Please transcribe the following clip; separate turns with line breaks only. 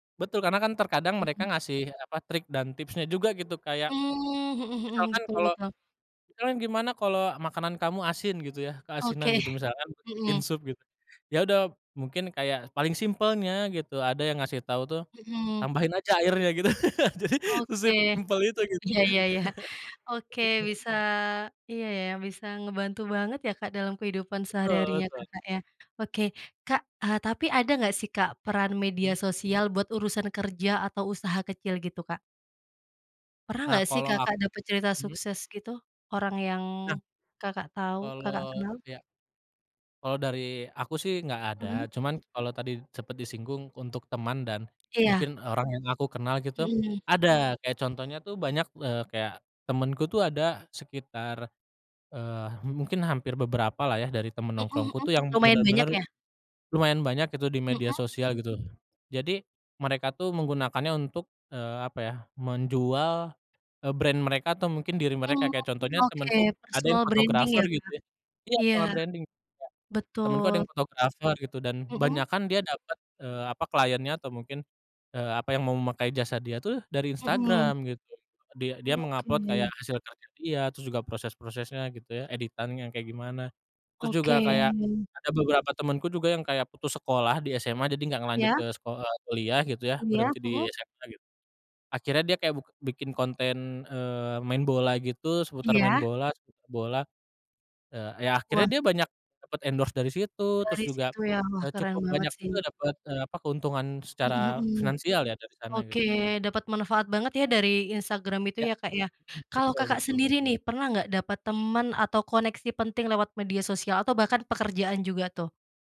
Betul, Karena kan terkadang mereka
Mhm.
ngasih apa trik dan tipsnya juga gitu kayak.
Mmm, mhm mhm,
Misalkan
betul
kalau,
betul.
kita kan gimana kalau makanan kamu asin? Gitu ya keasinan
Oke,
gitu misalkan bikin
mhm.
sup gitu ya udah mungkin kayak paling simpelnya gitu ada yang ngasih tau tuh,
Mhm.
tambahin aja airnya gitu jadi
Oke,
sesimple itu gitu.
iya ya ya oke bisa iya ya bisa ngebantu banget ya, Kak, dalam kehidupan
Betul
sehari-harinya
betul.
Kakak ya? Oke, Kak, eee, tapi ada nggak sih, Kak, peran media
Mmm?
sosial buat urusan kerja atau usaha kecil gitu, Kak? Pernah
Nah
nggak sih
kalau ak
Kakak dapet cerita
mmm?
sukses gitu? Orang yang,
Nah
Kakak tahu Kakak
Kalau
kenal?
ya. Kalau dari aku sih nggak ada,
Mhm.
cuman kalau tadi sempat disinggung untuk teman dan,
Iya.
mungkin orang yang aku kenal gitu,
Mhm.
ada kayak contohnya tuh banyak, eee, kayak temenku tuh ada sekitar, eee, mungkin hampir beberapa lah ya dari teman
Mhm
nongkrongku
mhm,
tuh yang
lumayan banyak
benar-benar,
ya?
lumayan banyak gitu di media
Mhm.
sosial gitu jadi, mereka tuh menggunakannya untuk, eee, apa ya menjual, eee, brand mereka atau mungkin diri mereka
Mmm,
kayak contohnya
oke
temanku ada yang
personal branding
fotografer
ya, Kak,
gitu ya, iya
iya,
soal branding Kak, temanku ada
betul.
yang fotografer gitu dan
Mhm.
banyakan dia dapat, eee, apa kliennya atau mungkin, eee, apa yang mau memakai jasa dia tuh dari
Mhm.
Instagram gitu dia dia mengupload kayak
Oke.
hasil karya dia terus juga proses-prosesnya gitu ya editannya yang kayak gimana, terus
Oke.
juga kayak, ada beberapa temanku juga yang kayak putus sekolah di SMA jadi gak ngelanjut
Ya.
ke seko eee, kuliah gitu ya
Iya,
berhenti di
mhm.
SMA gitu, akhirnya dia kayak buk bikin konten, eee, main bola gitu seputar main
Iya.
bola seputar bola, eee, ya akhirnya
Wah.
dia banyak, dapat banyak endorse dari situ terus
Dari
juga,
situ ya wah
eee,
keren
cukup
banget
banyak
sih.
juga dapet, eee, apa keuntungan secara
Mhm mhm,
finansial ya dari sana gitu.
oke dapat manfaat banget ya dari Instagram itu
Ya,
ya, Kak, ya,
mhm,
kalau
betul
Kakak
betul.
sendiri nih pernah nggak dapat temen atau koneksi penting lewat media sosial atau bahkan pekerjaan juga tuh?